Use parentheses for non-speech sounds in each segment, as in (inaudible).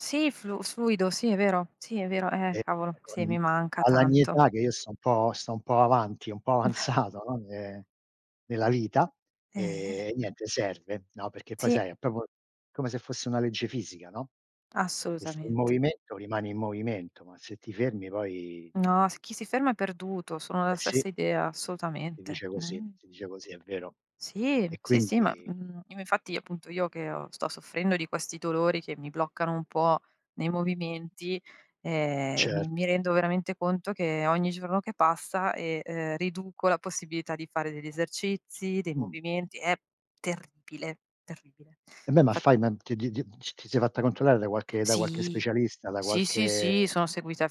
Sì, flu fluido, sì, è vero, sì, è vero. Eh, E cavolo, e sì, con mi manca alla mia tanto. età che io sto un po' sto un po' avanti, un po' Mh. (chuckles) avanzato, no, ne nella vita, Eh-eh. ehm, niente, serve, no, perché poi Sì. sai è proprio come se fosse una legge fisica, no. Se sei in Assolutamente. movimento rimani in movimento, ma se ti fermi poi No, s chi si ferma è perduto, sono Eh, della sì. stessa idea, Si assolutamente. dice così, Mh. si dice così, è vero. Sì, E sì, sì, ma, quindi mhmm, im infatti appunto io che, uhm, sto soffrendo di questi dolori che mi bloccano un po' nei movimenti, ehm, mi mi Certo. rendo veramente conto che ogni giorno che passa, e, ehm, riduco la possibilità di fare degli esercizi, dei Mh. movimenti. È terribile, terribile. Eh, beh, ma Fat fai ma ti ti ti c ti sei fatta controllare da qualche da qualche Sì, specialista, da sì, sì, sì, qualche sono seguita da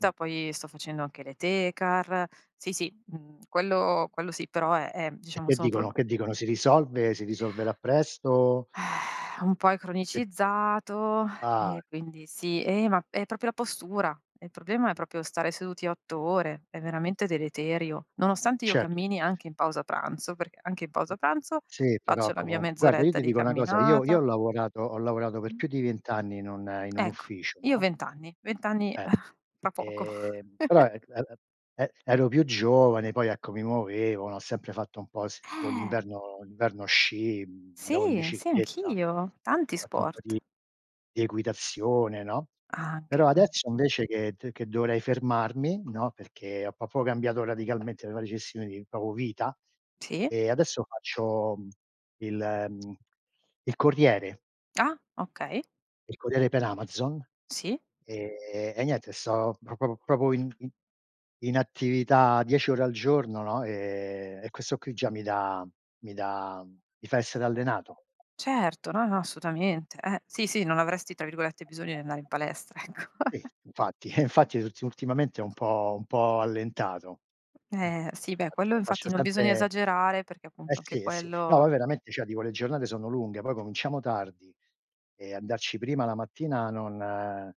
Mh. poi sto facendo anche le tecar. Sì, sì, mhmm, quello quello sì, però è, ehm, E diciamo che sono pro dicono che dicono? Si risolve, si risolverà presto? (sighs) Un po' è Che dico cronicizzato ah. e quindi sì. Eh, ma è proprio la postura. Il problema è proprio stare seduti 8 ore, è veramente deleterio. Nonostante io Certo, certo, cammini, sì. anche in pausa pranzo, perché anche in pausa pranzo Sì, faccio però la mia comunq guarda io mezz'oretta ti di dico una cosa: io io camminata ho lavorato ho lavorato per Mh. più di 20 anni in un in un Ecco, ufficio, io no? 20 anni, 20 anni, eh, Eh. fra poco. Ehm, però, (chuckles) er a a e ero più giovane, poi ecco mi muovevo, ho sempre fatto un po' s tipo Eh. l'inverno l'inverno sci, mhmm, andavo in Sì, sì, bicicletta, ho anch'io. Tanti fatto un po' di sport. di equitazione, no, però Anche, eh. adesso invece che t che dovrei fermarmi, no, perché ho proprio cambiato radicalmente la mia gestione di proprio vita, Sì. e adesso faccio il, mhmm, il corriere. Ah, okay. Il corriere per Amazon. Sì. Ehm, e niente, sto p pr proprio in in in attività 10 ore al giorno, no, e e questo qui già mi dà mi dà mi fa essere allenato. Certo, no, no, assolutamente. Eh, sì, sì, non avresti, tra virgolette, "bisogno" di andare in palestra, ecco. Sì, (chuckles) infatti, eh, infatti tutti ultimamente ho un po' un po' allentato. Mh. Eh, sì, beh, quello Faccio infatti faccio non bisogna sempre esagerare, perché eh appunto anche sì, eh sì. No, ma quello veramente cioè dico le giornate sono lunghe, poi cominciamo tardi e andarci prima la mattina non